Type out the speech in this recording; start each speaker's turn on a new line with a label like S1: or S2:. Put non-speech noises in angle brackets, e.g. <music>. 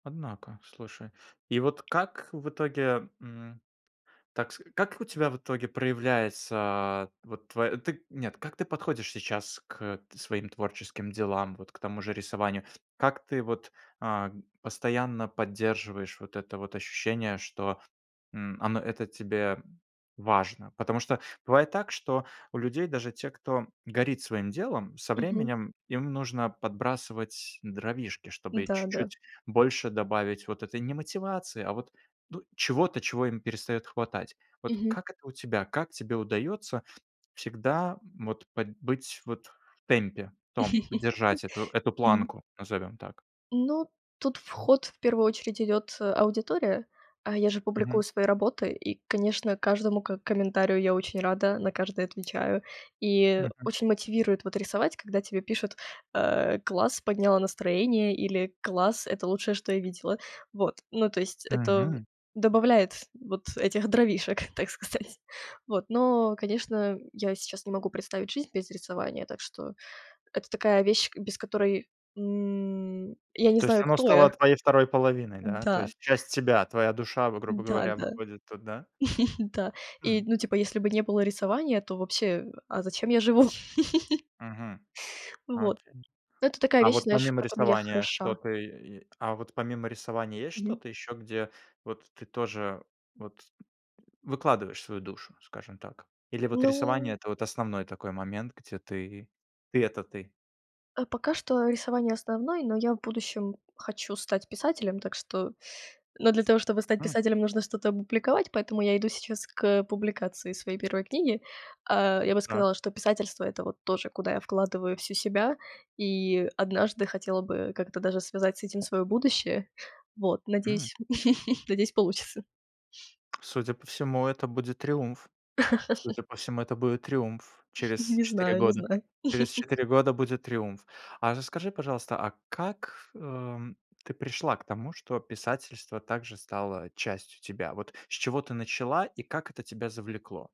S1: Однако, слушай. И вот как в итоге, м, так с как у тебя в итоге проявляется вот тв ты Нет, как ты подходишь сейчас к т своим творческим делам, вот к тому же рисованию? Как ты вот, а, постоянно поддерживаешь вот это вот ощущение, что, м, он это тебе важно? Потому что бывает так, что у людей, даже те, кто горит своим делом, со
S2: Мгм.
S1: временем им нужно подбрасывать дровишки, чтобы
S2: Да, да.
S1: чуть-чуть больше добавить вот этой не мотивации, а вот, ну, чего-то, чего им перестает хватать. Вот
S2: Мгм.
S1: как это у тебя? Как тебе удается всегда вот под быть вот в темпе, в том держать эту
S2: <laughs>
S1: эту
S2: Мгм.
S1: планку, назовем так?
S2: Ну, тут в ход в первую очередь идёт, э, аудитория. А, я же публикую
S1: Мгм.
S2: свои работы и, конечно, каждому к комментарию я очень рада, на каждый отвечаю. И
S1: Мгм.
S2: очень мотивирует вот рисовать, когда тебе пишут, э: "Класс, подняла настроение" или "Класс. Это лучшее, что я видела". Вот. Ну, то есть это
S1: Мгм.
S2: добавляет вот, этих дровишек, так сказать. Вот, но, конечно, я сейчас не могу представить жизнь без рисования. Так что это такая вещь, без которой, м, я не
S1: То есть
S2: знаю,
S1: оно
S2: кто я.
S1: стало твоей второй половиной, да, то
S2: Да.
S1: есть часть тебя, твоя душа, в грубо
S2: Да,
S1: говоря,
S2: да.
S1: выходит тут, да?
S2: <chuckles> Да. И,
S1: Хм.
S2: ну, типа, если бы не было рисования, то вообще, а зачем я живу? <chuckles>
S1: Мгм.
S2: Вот,
S1: Окей.
S2: это такая
S1: А
S2: вещь,
S1: вот
S2: знаешь, в
S1: помимо
S2: которой я
S1: рисования
S2: хороша.
S1: что-то, э, е а вот помимо рисования есть
S2: Мгм.
S1: что-то еще, где вот ты тоже вот выкладываешь свою душу, скажем так? Или вот
S2: Ну
S1: рисование- это вот основной такой момент, где ты ты- это ты?
S2: А, пока что рисование- основной, но я в будущем хочу стать писателем. Так что но для того, чтобы стать
S1: Мгм.
S2: писателем, нужно что-то опубликовать, поэтому я иду сейчас к публикации своей 1 книги. Э, я бы
S1: Так.
S2: сказала, что писательство- это вот тоже, куда я вкладываю всю себя. И однажды хотела бы как-то даже связать с этим своё будущее. Вот,
S1: М.
S2: надеюсь <chuckles> надеюсь получится.
S1: Судя по всему, это будет триумф.
S2: <laughs>
S1: Судя по всему, это будет триумф.
S2: <chuckles>
S1: Через
S2: Не
S1: 4
S2: знаю, не
S1: года.
S2: знаю.
S1: Через
S2: <chuckles>
S1: 4 года будет триумф. А расскажи, пожалуйста, а как, эм, ты пришла к тому, что писательство также стало частью тебя? Вот, с чего ты начала и как это тебя завлекло?